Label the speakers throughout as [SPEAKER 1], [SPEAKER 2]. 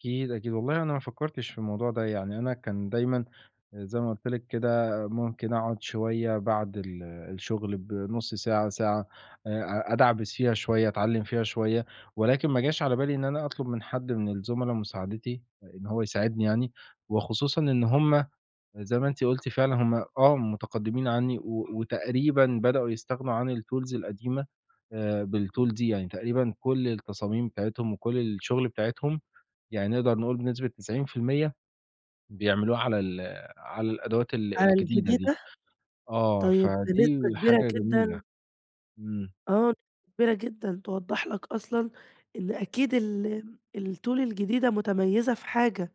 [SPEAKER 1] أكيد، أكيد. والله أنا ما فكّرتش في الموضوع ده. يعني أنا كان دايمًا آآ زي ما قُلت لك كده، ممكن أقعد شوية بعد ال الشُغل بنُص ساعة، ساعة، آآ أ أدعبِس فيها شوية، أتعلّم فيها شوية، ولكن ما جاش على بالي إن أنا أطلُب من حد من الزملا مساعدتي، آآ، إن هو يساعدني يعني وخصوصًا إن هم زي ما أنتِ قُلتِ فعلًا هم آه متقدّمين عنّي، و وتقريبًا بدأوا يستغنوا عن الTools القديمة، آآ بالTool دي، يعني تقريبًا كل التصاميم بتاعتهم وكل الشُغل بتاعتهم، يعني نقدر نقول بنسبة 90% بيعملوها على ال على الأدوات ال
[SPEAKER 2] على
[SPEAKER 1] الجديدة دي.
[SPEAKER 2] الجديدة؟
[SPEAKER 1] آه،
[SPEAKER 2] طيب بنسبة
[SPEAKER 1] فدي
[SPEAKER 2] كبيرة
[SPEAKER 1] حاجة جميلة.
[SPEAKER 2] جدًا
[SPEAKER 1] إمم.
[SPEAKER 2] آه، كبيرة جدًا، توضّح لك أصلًا إن أكيد ال الTool الجديدة متميّزة في حاجة،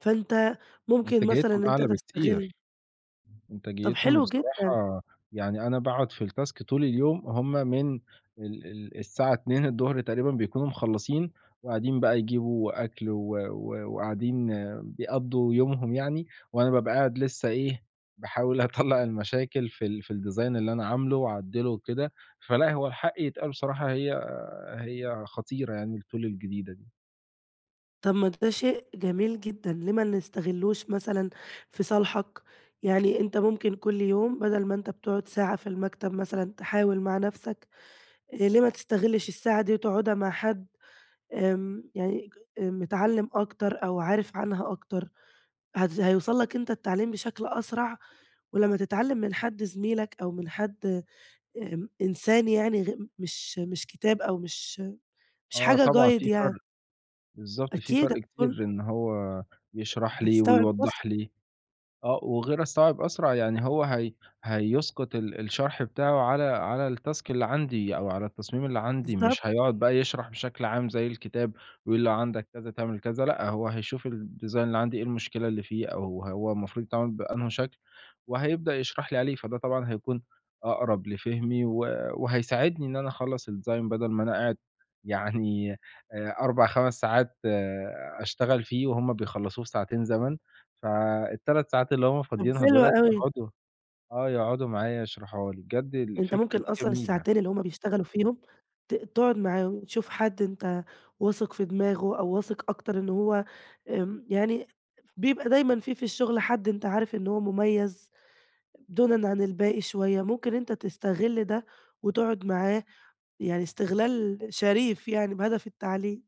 [SPEAKER 2] فأنت ممكن مثلًا
[SPEAKER 1] إنتاجيتهم
[SPEAKER 2] إن أنت
[SPEAKER 1] أعلى
[SPEAKER 2] تستغل
[SPEAKER 1] بكتير،
[SPEAKER 2] طَب
[SPEAKER 1] إنتاجيتهم
[SPEAKER 2] حلو جدًا.
[SPEAKER 1] بصراحة يعني أنا باقعد في التاسك طول اليوم، هم من ال ال الساعة 14:00 تقريبًا بيكونوا مخلّصين وقاعدين بقى يجيبوا أكل و و وقاعدين بيقضّوا يومهم يعني وأنا بابقى قاعد لسّه إيه، باحاول أطلّع المشاكل في ال في الdesign اللي أنا عامله وأعدّله وكده، فلأ هو الحق يتقال بصراحة هي هي خطيرة يعني الTool الجديدة دي.
[SPEAKER 2] طَب ما ده شيء جميل جدًا، ليه ما نستغلّوش مثلًا في صالحك؟ يعني أنت ممكن كل يوم بَدَل ما أنت بتقعد ساعة في المكتب مثلًا تحاول مع نفسك، آآ، ليه ما تستغلّش الساعة دي وتقعدها مع حد آمم يعني ج متعلّم أكتر أو عارف عنها أكتر؟ هد هيوصّل لك أنت التعليم بشكل أسرع ولمّا تتعلّم من حد زميلك أو من حد امم، إن إنسان يعني غ مش مش كتاب أو مش مش
[SPEAKER 1] آه،
[SPEAKER 2] حاجة
[SPEAKER 1] طبعًا
[SPEAKER 2] guide
[SPEAKER 1] في فَرْق،
[SPEAKER 2] يعني
[SPEAKER 1] بالضبط، في
[SPEAKER 2] أكيد
[SPEAKER 1] فَرْق
[SPEAKER 2] هتكون
[SPEAKER 1] كتير إن هو يشرح لي
[SPEAKER 2] هتستوعب
[SPEAKER 1] ويوضّح
[SPEAKER 2] أسرع.
[SPEAKER 1] لي آه وغير الصعب أسرع يعني هو هي هيسقُط ال الشرح بتاعه على على التاسك اللي عندي أو على التصميم اللي عندي،
[SPEAKER 2] بالضبط.
[SPEAKER 1] مش هيقعد بقى يشرح بشكل عام زي الكتاب، يقول لو عندك كذا تعمل كذا لأ، هو هيشوف الdesign اللي عندي إيه المشكلة اللي فيه أو هو المفروض يتعمل بأنهي شكل، وهيبدأ يشرح لي عليه، فده طبعًا هيكون أقرب لفهمي و وهيساعدني إن أنا أخلّص الdesign بَدَل ما أنا قاعد يعني آآ 4، 5 ساعات أشتغل فيه وهُم بيخلّصوه في ساعتين زمن، فال3 ساعات اللي هم
[SPEAKER 2] طَب
[SPEAKER 1] فاضيينها
[SPEAKER 2] حلوة
[SPEAKER 1] دولة
[SPEAKER 2] أوي.
[SPEAKER 1] يقعدوا آه، يقعدوا معايا يشرحوها لي. بجد
[SPEAKER 2] أنت
[SPEAKER 1] الفكرة
[SPEAKER 2] ممكن
[SPEAKER 1] دي
[SPEAKER 2] أصلًا
[SPEAKER 1] جميلة.
[SPEAKER 2] الساعتين اللي هم بيشتغلوا فيهم ت تقعد معاهم، تشوف حد أنت واثق في دماغه أو واثق أكتر إن هو آمم يعني بيبقى دايمًا في في الشغل، حد أنت عارف إن هو مُميّز دونًا عن الباقي شوية، ممكن أنت تستغل ده وتقعد معاه يعني استغلال شريف يعني، بهدف التعليم.